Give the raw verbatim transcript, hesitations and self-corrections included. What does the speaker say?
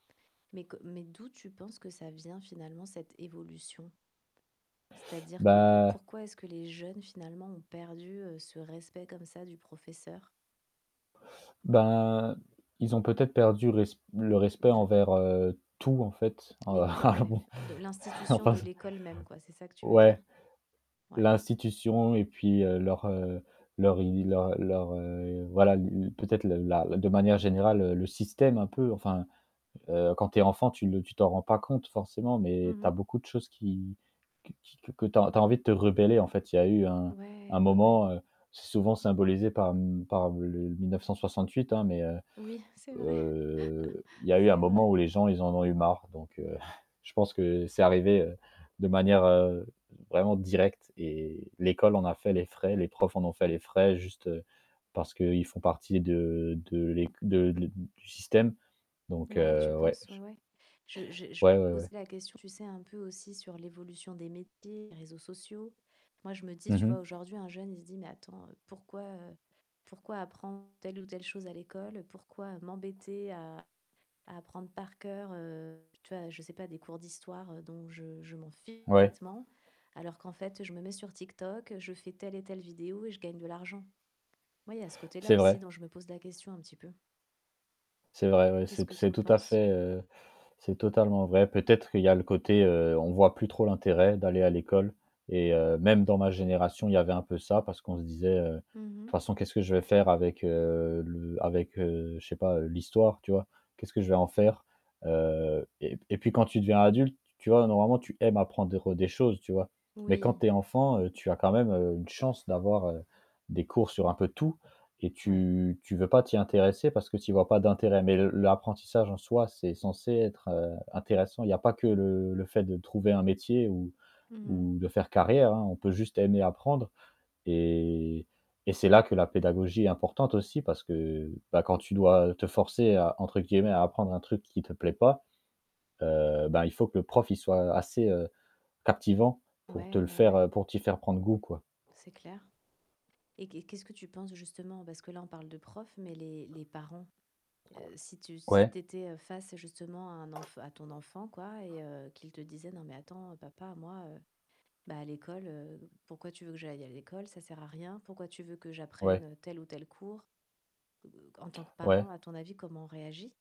Mais que mais d'où, tu penses que ça vient, finalement, cette évolution? C'est-à-dire que que Bah pourquoi est-ce que les jeunes finalement ont perdu, heu, ce respect comme ça du professeur? Bah, ils ont peut-être perdu le res le respect De envers, heu, tout, en fait, heu, L'éco alors, ouais bon. de l'institution Enfin, de c l'école même, quoi, c'est ça que tu veux dire? Ouais. Ouais. L'institution et puis, heu, leur, heu, leur i leur leur, heu voilà, l l peut être le la de manière générale, heu, le système un peu, enfin, heu, quand tu es enfant, tu le tu t'en rends pas compte forcément, Mmh mais tu as mh. beaucoup de choses qui que qui que que tu as en tu as envie de te rebeller en fait. Il y a eu un Ouais, un ouais, ouais. moment, heu, c'est souvent symbolisé par m par le l mille neuf-cent soixante-huit, hein, mais heu Oui, c'est vrai. heu, il y a eu un un C'est moment vrai. où les gens, ils en ont eu marre, donc heu, je pense que c'est arrivé, heu, de manière, heu, vraiment directe et l'école en a fait les frais, les profs en ont fait les frais juste parce qu'ils font partie de de l'éc de le du système, donc Ouais, tu heu, ouais, penses, ouais, j ouais. Je je je Ouais, ouais, ouais. posais la question, tu sais un peu aussi sur l'évolution des métiers, réseaux sociaux. Moi je me dis, Mmh tu vois? mh. Aujourd'hui un jeune il se dit: «Mais attends pourquoi, heu, pourquoi apprendre telle ou telle chose à l'école, pourquoi m'embêter à à apprendre par cœur, heu, tu vois? Je sais pas, des cours d'histoire dont je je m'en fiche Ouais. complètement, alors qu'en fait je me mets sur TikTok, je fais telle et telle vidéo et je gagne de l'argent?» oui il y a ce côté-là C'est aussi vrai. dont je me pose la question un petit peu. C'est vrai, ouais, Qu'est-ce c'est t que tu c'est en tout à penses? fait, heu, c'est totalement vrai. Peut-être qu'il y a le côté, heu, on voit plus trop l'intérêt d'aller à l'école et heu, même dans ma génération, il y avait un peu ça parce qu'on se disait, heu: «De Mmh mh. toute façon qu'est-ce que je vais faire avec, heu, le avec, heu, je sais pas, heu, l'histoire», tu vois? «Qu'est-ce que je vais en faire?» heu, et p et puis quand tu deviens adulte, tu vois? Normalement tu aimes apprendre des choses, tu vois? Mais quand Oui. tu es enfant, heu, tu as quand même, heu, une chance d'avoir, heu, des cours sur un peu tout et Ouais. tu tu veux pas t'y intéresser parce que tu y vois pas d'intérêt, mais le l'apprentissage en soi, c'est censé être, heu, intéressant. Il y a pas que le le fait de trouver un métier ou Mmh mh. ou de faire carrière, hein, on peut juste aimer apprendre et et c'est là que la pédagogie est importante aussi parce que, bah, quand tu dois te forcer à, entre guillemets, «à apprendre» un truc qui te plaît pas, heu, ben, il faut que le prof, il soit assez, heu, captivant pour te Ouais, le ouais, faire, ouais. heu, pour t'y faire prendre goût, quoi. C'est clair, et qu'est qu'est-ce que tu penses, justement, parce que là on parle de profs, mais les les parents, heu, si tu si Ouais. tu étais face, justement, à un enf à ton enfant, quoi et heu, qu'il te disait: «Non mais attends papa moi, bah, à l'école, heu, pourquoi tu veux que j'aille à l'école? Ça sert à rien. Pourquoi tu veux que Ouais. j'apprenne tel ou tel cours?» B heu heu, en tant que parent Ouais. à ton avis comment on réagit?